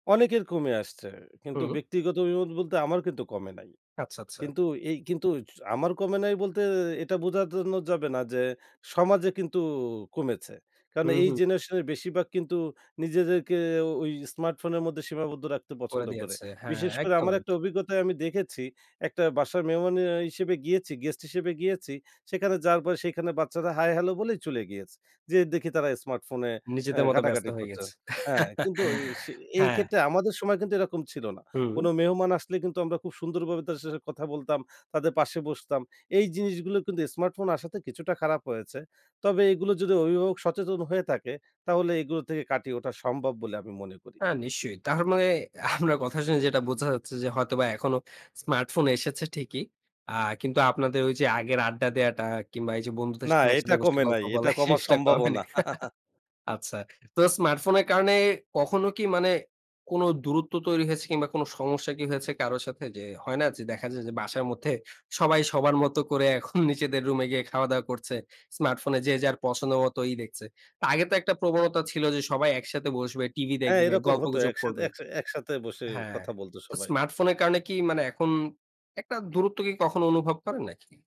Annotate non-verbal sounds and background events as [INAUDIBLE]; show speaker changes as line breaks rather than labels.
অনেকের কমে আসছে। কিন্তু
হুম।
ব্যক্তিগত অভিমত বলতে আমার কিন্তু কমে নাই।
আচ্ছা, আচ্ছা।
কিন্তু এই কিন্তু জ আমার কমে নাই বলতে এ এটা বোঝার জন্য যাবে না যে, সমাজে কিন্তু অ কমেছে। কারণ
হুম,
এই
হুম।
জেনারেশনের বেশিরভাগ কিন্তু নিজেদেরকে অ ঐ স্মার্টফোনের মধ্যে সীমাবদ্ধ রাখতে
করে
পছন্দ করে।
দিয়েছে। হ্যাঁ,
বিশেষ করে
একদম,
আমার একটা
একদম।
অভিজ্ঞতায় আমি দেখেছি, একটা বাসার মেহমান আ হিসেবে গিয়েছি গেস্ট হিসেবে গিয়েছি। সেখানে যাওয়ার পরে সেখানে বাচ্চারা হাই হেলো বলে চলে গিয়েছে। যেয়ে দেখি তারা স্মার্টফোনে আ
নিজেদের মতো ব্যস্ত
ঘাটাঘাটি
হয়ে
করছে।
গেছে।
হ্যাঁ,
[CHUCKLES]
কিন্তু এ সে
হ্যাঁ।
এইক্ষেত্রে আমাদের সময় কিন্তু এরকম ছিল না। কোন
হুম।
মেহমান আসলে কিন্তু আমরা খুব সুন্দরভাবে তার সাথে কথা বলতাম, তাদের পাশে বসতাম। এই জিনিসগুলো কিন্তু স্মার্টফোন আসাতে কিছুটা খারাপ হয়েছে। তবে এগুলো যদি অভিভাবক সচেতন হয়ে থাকে তাহলে এগুলো থেকে কাটিয়ে ওঠা সম্ভব বলে আমি মনে করি।
হ্যাঁ, নিশ্চয়ই। তার মানে আপনার কথা শুনে যেটা বোঝা যাচ্ছে যে, হয়তোবা এখনো স্মার্টফোন এসেছে ঠিকই। আ কিন্তু আপনাদের ঐযে আগের আড্ডা দেয়াটা আ কিংবা এইযে বন্ধুদের
না,
সাথে
এটা
একসাথে বসে
কমে
গল্প
নাই।
বলা
এটা
এই
কমার
জিনিসটা কমেনি।
সম্ভাবনা।
[CHUCKLES]
[CHUCKLES]
আচ্ছা। তো স্মার্টফোনের কারণে কখনো কি মানে কোন দূরত্ব তৈরি হয়েছে কিংবা কোন সমস্যা কি হয়েছে কারো সাথে? যে, হয় না? যে, দেখা যায় যে, বাসার মধ্যে সবাই সবার মত করে এখন নিজেদের রুমে গিয়ে খাওয়া দাওয়া করছে। স্মার্টফোনে যে, যার পছন্দ মতো ই দেখছে। আগে তো একটা প্রবণতা ছিল যে, সবাই একসাথে বসবে, টিভি
হ্যাঁ,
দেখবে,
এরকম হতো। এক
গল্পগুজব
একসাথে
করবে।
একসাথে বসে
হ্যাঁ।
কথা বলতো
তো
সবাই।
স্মার্টফোনের কারণে কি মানে এখন একটা দূরত্ব কি কখনো অনুভব করেন নাকি?